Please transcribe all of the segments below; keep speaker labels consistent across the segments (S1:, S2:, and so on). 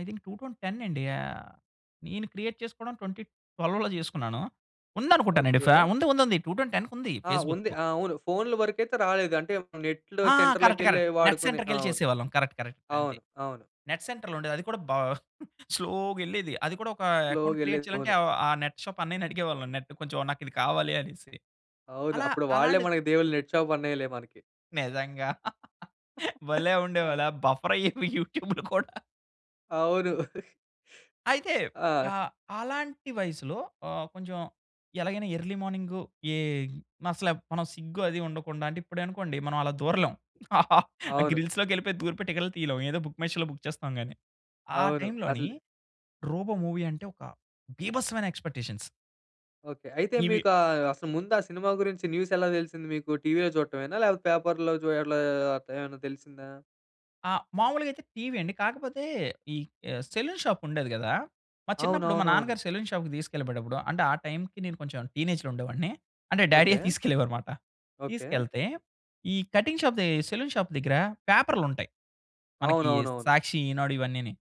S1: I think 2010 అండి. ఆహ్, నేను క్రియేట్ చేసుకోవడం 2012లో జేసుకున్నాను. ఉందనుకుంటానండి ఫ్యా
S2: ఓకే.
S1: ఉంది. ఉంది. ఉంది. టూ టౌన్ టెన్‌కుంది
S2: ఆ! ఉంది.
S1: ఫేస్‌బుక్కు.
S2: ఆ! అవును. ఫోన్‌లు వరకయితే రాలేదు అంటే నెట్‌లో
S1: ఆ! కరెక్ట్.
S2: సెంటర్‌లకేళ్ళి
S1: కరెక్ట్. నెట్
S2: వాడుకునే ఆ!
S1: సెంటర్‌కెళ్లి
S2: అవును.
S1: చేసేవాళ్ళం కరెక్ట్ కరెక్ట్ అంతే.
S2: అవును. అవును.
S1: నెట్ సెంటర్‌లో ఉండేది అది కూడా బా స్లో‌గెళ్ళేది. అది కూడా ఒక అకౌంట్ క్రియేట్
S2: స్లో‌గెళ్ళేది
S1: చేయాలంటే
S2: ఫోను.
S1: అవ ఆ నెట్ షాప్ అన్నయ్యని అడిగేవాళ్ళం నెట్ కొంచెం నాకు ఇది కావాలి అనేసి.
S2: అవును.
S1: అలా
S2: అప్పుడు వాళ్ళే
S1: అలాంటి
S2: మనకు దేవుళ్ళు నెట్ షాప్ అన్నయిలే మనకి.
S1: నిజంగా భలే
S2: ఆ!
S1: ఉండేవాళ్ళే బఫర్ అయ్యేవి యూట్యూబ్‌లు కూడా.
S2: అవును.
S1: అయితే
S2: ఆ!
S1: ఆహ్, అలాంటి వయసులో ఆహ్, కొంచెం ఎలాగైనా ఎర్లీ మార్నింగు ఏ అసలే మనం సిగ్గు అది ఉండకుండా అంటే ఇప్పుడనుకోండి మనం అలా దూరలేం. ఆ
S2: అవును.
S1: గ్రిల్స్‌లోకెళ్ళిపోయి దూరిపోయి టికెట్లు తీయలేము ఏదో బుక్ మై షోలో బుక్ చేస్తాం గాని. ఆ
S2: అవును.
S1: టైమ్‌లోని
S2: అసలు
S1: 'రోబో' మూవీ అంటే ఒక బీభత్సమైన ఎక్స్పెక్టేషన్స్.
S2: ఓకే. అయితే
S1: ఇవి
S2: మీకా అసలు ముందు ఆ సినిమా గురించి న్యూస్ ఎలా తెలిసింది మీకు? టీవీ‌లో చూడటమేనా లేకపోతే పేపర్‌లో జు అట్లా ఏమైనా తెలిసిందా?
S1: ఆ! మామూలుగయితే టీవీ అండి కాకపోతే ఈ ఆహ్, సెలూన్ షాప్ ఉండేది గదా! మా చిన్నప్పుడు మా
S2: అవునవునవును.
S1: నాన్నగారు సెలూన్ షాప్‌కి తీసుకెళ్ళిపోయేటప్పుడు అంటే ఆ టైమ్‌కి నేను కొంచెం టీనేజ్‌లో ఉండేవాడిని. అంటే డ్యాడీయే
S2: ఓకే.
S1: తీసుకెళ్ళేవారు మాట
S2: ఓకే.
S1: తీసుకెళ్తే ఈ కటింగ్ షాప్ దె సెలూన్ షాప్ దగ్గర పేపర్‌లుంటాయి. మనకి
S2: అవునవునవును.
S1: 'సాక్షి' 'ఈనాడు' ఇవన్నీని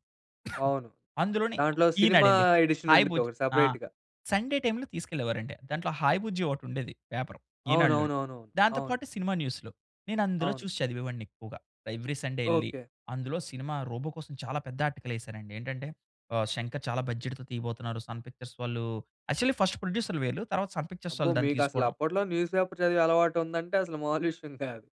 S2: అవును.
S1: అందులోని
S2: దాంట్లో సినిమా
S1: ఈనాడండి
S2: ఎడిషన్
S1: హాయ్
S2: ఉండిద్ది
S1: బుజ్జి
S2: ఒకటి
S1: ఆ!
S2: సపరేట్‌గా.
S1: సండే టైమ్‌లో తీసుకెళ్ళేవారండి. దాంట్లో హాయ్ బుజ్జి ఒకటుండేది పేపరు ఈనాడులోని.
S2: అవునవునవునవును.
S1: దాంతో
S2: అవును.
S1: పాటు సినిమా న్యూస్‌లు నేనందులో
S2: అవును.
S1: చూసి చదివేవాడిని ఎక్కువగా. ఎవ్రీ సండే యెళ్లి
S2: ఓకే.
S1: అందులో సినిమా 'రోబో' కోసం చాలా పెద్ద ఆర్టికల్ ఎసారండి ఏంటంటే ఆహ్, 'శంకర్' చాలా బడ్జెట్‌తో తీయబోతున్నారు 'సన్ పిక్చర్స్' వాళ్ళు యాక్చువల్లి ఫస్ట్ ప్రొడ్యూసర్‌లు వీళ్ళు తరువాత 'సన్ పిక్చర్స్'
S2: అబ్బో!
S1: వాళ్ళు దాన్ని
S2: మీకసలు
S1: తీసుకోవడం.
S2: అప్పట్లో న్యూస్ పేపర్ చదివే అలవాటు ఉందంటే అసలు మామూలు విషయం కాదు.